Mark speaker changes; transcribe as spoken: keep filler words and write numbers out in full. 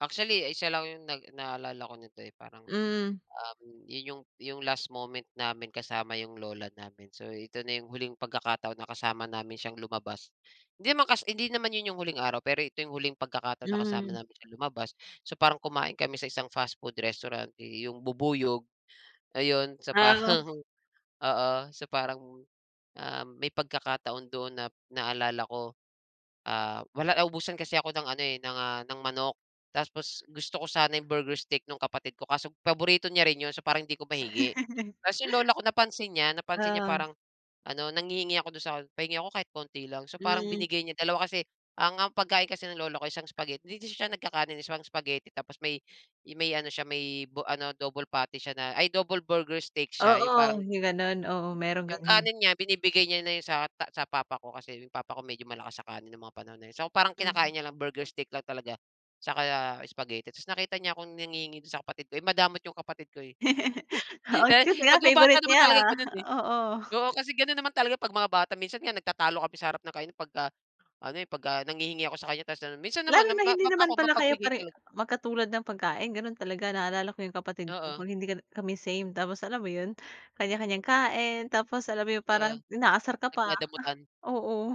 Speaker 1: Actually, isa lang yung nag naalala ko nito, eh. Parang,
Speaker 2: Mm.
Speaker 1: um, yun yung yung last moment namin kasama yung lola namin. So, ito na yung huling pagkakataon na kasama namin siyang lumabas. Hindi naman kas hindi naman yun yung huling araw, pero ito yung huling pagkakataon na kasama
Speaker 2: Hmm.
Speaker 1: namin siyang lumabas. So, parang kumain kami sa isang fastfood restaurant yu yung bubuyog, ayon. So
Speaker 2: Ah
Speaker 1: parang
Speaker 2: oo.
Speaker 1: oo, so parang, um, may pagkakataon dun na naalala ko. Ah, wala naubusan kasi ako ng ano, eh, ng, ah, ng manok. taspos, gusto ko sana yung burger steak nung kapatid ko. Kaso paborito niya rin yun. So parang hindi ko mahingi. Ta's yung lola ko napansin niya, napansin niya
Speaker 2: Oo.
Speaker 1: parang ano nanghihingi ako dun sa "Pahingi ako kahit konti lang." So, parang
Speaker 2: Mm.
Speaker 1: binigay niya, dalawa kasi ang ang pagkain kasi ng lola ko, isang spaghetti- 'di 'di siya nagkakanin, eh- isang spaghetti tapos may, eh, may ano siya may bo ano double patty siya na ay double burger steak siya. Yung parang
Speaker 2: Oo, yung ganun. Oo, merong ka
Speaker 1: Yung
Speaker 2: din.
Speaker 1: kanin niya binibigay niya na yun sa ta sa papa ko. Kasi yung papa ko medyo malakas sa kanin nung mga panahon na yun. So, parang
Speaker 2: Mhm.
Speaker 1: kinakain niya lang burger steak lang talaga, 'tsaka spaghetti. Tas nakita niya akong nanghihingi dun sa kapatid ko. Eh, madamot yung kapatid ko, eh.
Speaker 2: Kasi
Speaker 1: Pag
Speaker 2: nga
Speaker 1: yung bata
Speaker 2: favorite
Speaker 1: naman
Speaker 2: niya,
Speaker 1: talaga ganun, eh.
Speaker 2: oo.
Speaker 1: Oo, kasi ganun naman talaga 'pag mga bata. Minsan
Speaker 2: Hmm.
Speaker 1: nga nagtatalo kami sa harap ng kainan 'pagka ano, eh, 'pagka nanghihingi ako sa kaniya. Tas ano minsan
Speaker 2: Lalo
Speaker 1: naman na
Speaker 2: na
Speaker 1: ma
Speaker 2: hindi
Speaker 1: map ako
Speaker 2: naman pala kayo
Speaker 1: mapagbigay
Speaker 2: pare
Speaker 1: talag
Speaker 2: magkatulad ng pagkain, ganun talaga. Naalala ko yung kapatid ko,
Speaker 1: Oo.
Speaker 2: 'pag hindi ka na kami same. Tapos alam mo yun? Kanya-kanyang kain. Tapos, alam mo yun
Speaker 1: Oo,
Speaker 2: parang inaasar ka pa,
Speaker 1: nagdadamutan.
Speaker 2: oo.